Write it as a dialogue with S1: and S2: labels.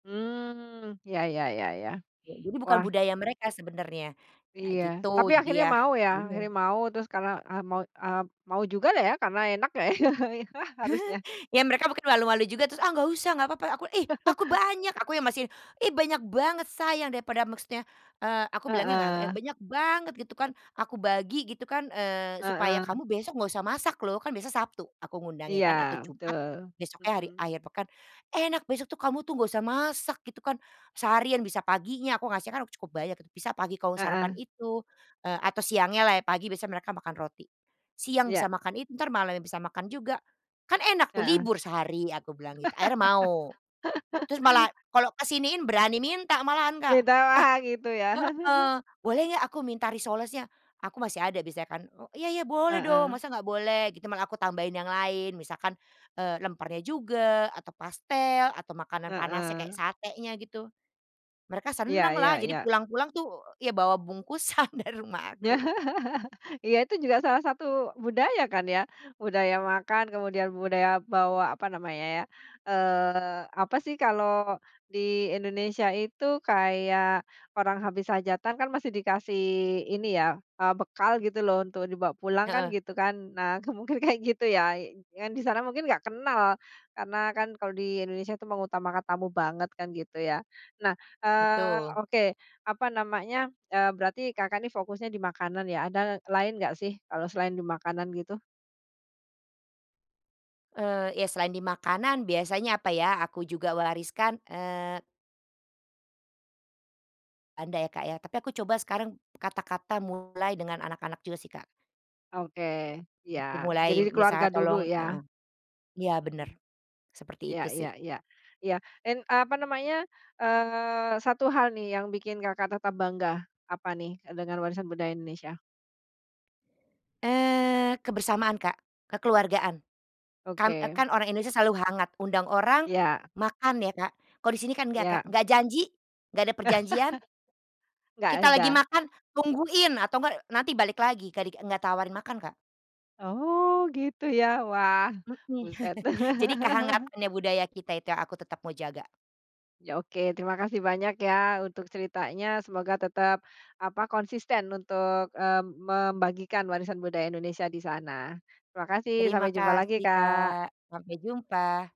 S1: Mmm. Iya iya iya iya.
S2: Ya, jadi bukan
S1: Wah.
S2: budaya mereka sebenarnya. Ya
S1: Iya. Tapi
S2: gitu. Jadi
S1: akhirnya
S2: yah,
S1: mau ya
S2: bingung.
S1: akhirnya mau, terus karena, eee, mau eee, mau jugalah ya, karena enak ya, harusnya.
S2: Ya mereka mungkin malu-malu juga terus, "Ah nggak usah, nggak papa," aku, "Ih, aku banyak, aku yang masih ih, banyak banget sayang daripada" maksudnya, eee, aku bilangnya nggak, eee,
S1: Heeh.
S2: "Banyak banget," gitu kan. "Aku bagi gitu kan, eee, supaya
S1: Heeh.
S2: kamu besok nggak usah masak loh," kan besok Sabtu, aku
S1: Iya.
S2: ngundangnya kan atau Jumat.
S1: Betul,
S2: Besoknya hari
S1: mhm.
S2: akhir pekan, "Enak, besok tuh kamu tuh, nggak usah masak," gitu kan. Seharian bisa paginya, aku ngasihnya kan cukup banyak itu, bisa pagi kamu sarapan
S1: Heeh.
S2: itu, eee, atau siangnyalah ya. Pagi biasanya mereka makan roti, "Siang bisa
S1: Iya.
S2: makan itu, entar malamnya bisa makan juga. Kan enak tuh,
S1: Heeh.
S2: libur sehari." Aku bilang gitu, akhirnya mau. Terus malah, kalau kesiniin berani minta malahan, Kak, "Eh"
S1: Beda, gitu ya.
S2: Heeh, "Boleh nggak aku minta risolesnya?" Aku masih ada biasanya kan, "Iya iya, boleh dong
S1: Heeh.
S2: masa nggak boleh?" Gitu malah aku tambahin yang lain misalkan, eee, lempernya juga, atau pastel atau makanan panasnya kayak
S1: Heeh.
S2: satenya, gitu. Mereka
S1: Iya iya
S2: senanglah, jadi
S1: iya.
S2: pulang-pulang tuh ya, bawa bungkusan dari rumah aku.
S1: Iya, itu juga salah satu budaya kan ya? Budaya makan, kemudian budaya bawa apa namanya ya, eee, apa sih kalau di Indonesia itu kayak orang habis hajatan kan, masih dikasih ini ya, eee, bekal gitu loh untuk dibawa pulang kan,
S2: Heeh.
S1: gitu kan. Nah, ke mungkin kayak gitu ya, yang di sana mungkin nggak kenal karena kan kalau di Indonesia itu mengutamakan tamu banget kan, gitu ya. Nah, eee,
S2: Betul.
S1: oke apa namanya, eee, berarti Kakak ini fokusnya di makanan ya. Ada lain nggak sih, kalau selain di makanan gitu?
S2: Eee, iya selain di makanan biasanya apa ya, aku juga wariskan, eee Ada ya, Kak, ya. Tapi, aku coba sekarang kata-kata mulai dengan anak-anak juga sih, Kak. [unintelligible]
S1: Oke, iya.
S2: Dimulai
S1: Jadi keluarga
S2: misalnya
S1: dulu,
S2: tolong
S1: ya.
S2: heeh, ya bener
S1: Mhm.
S2: seperti
S1: Iya
S2: itu sih.
S1: iya iya iya, en apa namanya, eee, satu hal nih yang bikin Kakak tetap bangga, apa nih dengan warisan budaya Indonesia?
S2: Eee, kebersamaan, Kak. Kekeluargaan. Kan, eee,
S1: Oke.
S2: kan orang Indonesia selalu hangat, undang orang
S1: Iya.
S2: makan ya, Kak. Kalau di sini kan nggak, Kak.
S1: Iya.
S2: Nggak janji, nggak ada perjanjian.
S1: Nggak
S2: Kita lagi
S1: ada.
S2: makan, tungguin atau nggak nanti balik lagi, kadi nggak tawarin makan, Kak.
S1: Oh, gitu ya? Wah,
S2: Mhm.
S1: buset.
S2: Jadi kehangatannya budaya kita itu, aku tetep mau jaga.
S1: Ya, oke terima kasih banyak ya untuk ceritanya. Semoga tetep apa konsisten untuk, eee, membagikan warisan budaya Indonesia di sana. Terima kasih,
S2: Terima
S1: sampai jumpa lagi,
S2: kasih,
S1: Kak.
S2: Kak, sampai jumpa.